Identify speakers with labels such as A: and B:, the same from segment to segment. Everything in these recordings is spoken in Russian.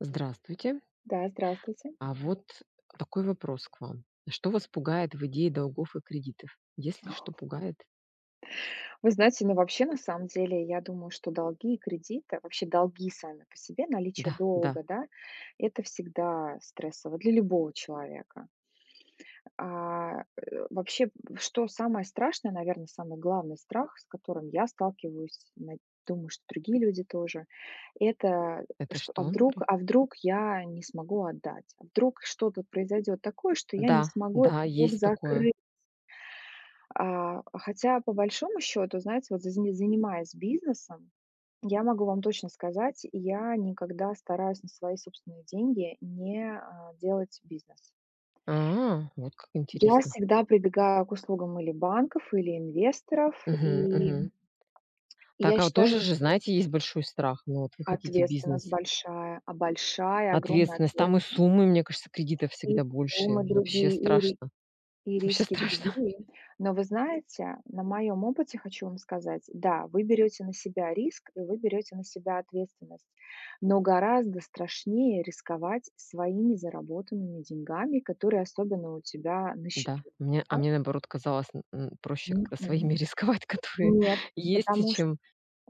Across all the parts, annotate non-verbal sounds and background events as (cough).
A: Здравствуйте.
B: Да, здравствуйте.
A: А вот такой вопрос к вам. Что вас пугает в идее долгов и кредитов? Если что пугает?
B: Вы знаете, но вообще, на самом деле, я думаю, что долги и кредиты вообще долги сами по себе, наличие
A: Да, да.
B: долга, да, это всегда стрессово для любого человека. А, э, вообще, что самое страшное, наверно, самый главный страх, с которым я сталкиваюсь, над думаю, что другие люди тоже это,
A: Это
B: что а
A: что
B: вдруг
A: напри
B: а вдруг я не смогу отдать, а вдруг что-то произойдёт такое, что я не
A: Да,
B: смогу этот
A: да,
B: долг
A: есть такое.
B: закрыть. А, хотя по большому счёту, знаете, вот за за занимаясь бизнесом, я могу вам точно сказать, я никогда стараюсь на свои собственные деньги не, а, делать бизнес.
A: А, вот как
B: Я
A: интересно.
B: всегда прибегаю к услугам или банков, или инвесторов
A: Мгм
B: и
A: мгм.
B: (smacks lips) и
A: Так,
B: я
A: а вот
B: считаю
A: тоже же, знаете, есть большой страх, но вот вы хотите
B: Ответственность
A: бизнес
B: большая, а, большая огромная
A: Ответственность, там и
B: ответственность.
A: суммы, мне кажется, кредитов
B: И
A: всегда большие.
B: суммы
A: Вообще
B: другие и ри
A: страшно.
B: и
A: Вообще
B: риски
A: страшно.
B: другие, но вы знаете на моём опыте хочу вам сказать. Да вы берёте на себя риск, и вы берёте на себя ответственность, но гораздо страшнее рисковать своими заработанными деньгами, которые особенно у тебя на
A: Да,
B: счету,
A: мне а
B: да.
A: мне наоборот казалось м м проще как-то
B: Мгм.
A: своими рисковать, которые
B: Нет,
A: есть,
B: потому ш
A: чем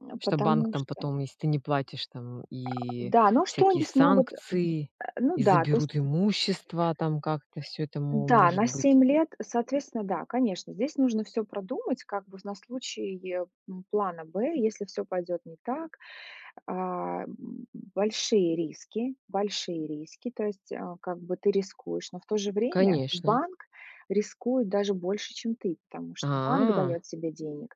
B: э,
A: что банк
B: потому
A: там
B: что
A: потом, если ты не платишь, там,
B: (grunts)
A: и
B: Да, ну что они
A: всякие
B: смогут,?
A: санкции,
B: (grunts) Ну
A: и
B: да, то есть
A: заберут имущество, там как-то всё это мо
B: Да,
A: может
B: на
A: быть.
B: 7 лет соответственно, да, конечно, здесь нужно всё продумать, как бы, на случай, м, плана Б, если всё пойдёт не так. А б б большие риски, большие риски, то есть а как бы ты рискуешь, но в то же время
A: Конечно.
B: банк рискует даже больше, чем ты. Потому что банк
A: А.
B: даёт тебе денег.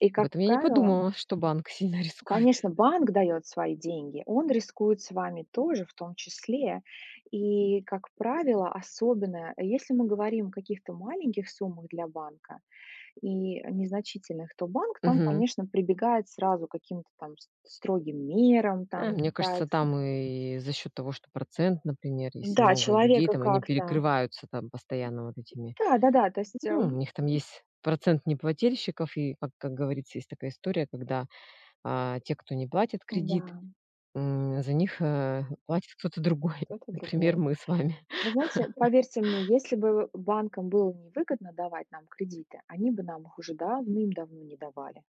B: И
A: Об
B: как
A: этом я не
B: правило
A: подумала, что банк сильно рискует.
B: Конечно, банк даёт свои деньги. Он рискует с вами тоже, в том числе. И как правило, особенно если мы говорим о каких-то маленьких суммах для банка, и незначительных, то банк там,
A: Мгм.
B: конечно, прибегает сразу к каким-то там с строгим мерам, там
A: А мне кажется
B: пытается
A: там и за счёт того, что процент, например, если
B: Да,
A: много людей,
B: человека
A: там они
B: как-то
A: перекрываются там постоянно вот этими.
B: Да-да-да, то есть
A: Ну у
B: эм
A: них там есть процент неплательщиков, и как как говорится, есть такая история, когда, а, те, кто не платит кредит,
B: М-да.
A: м, за них, а, платит кто-то другой,
B: Кто-то
A: например,
B: другой.
A: мы с вами.
B: Вы знаете,
A: (laughs)
B: поверьте мне, если бы банкам было невыгодно давать нам кредиты, они бы нам их уже давным-давно не давали.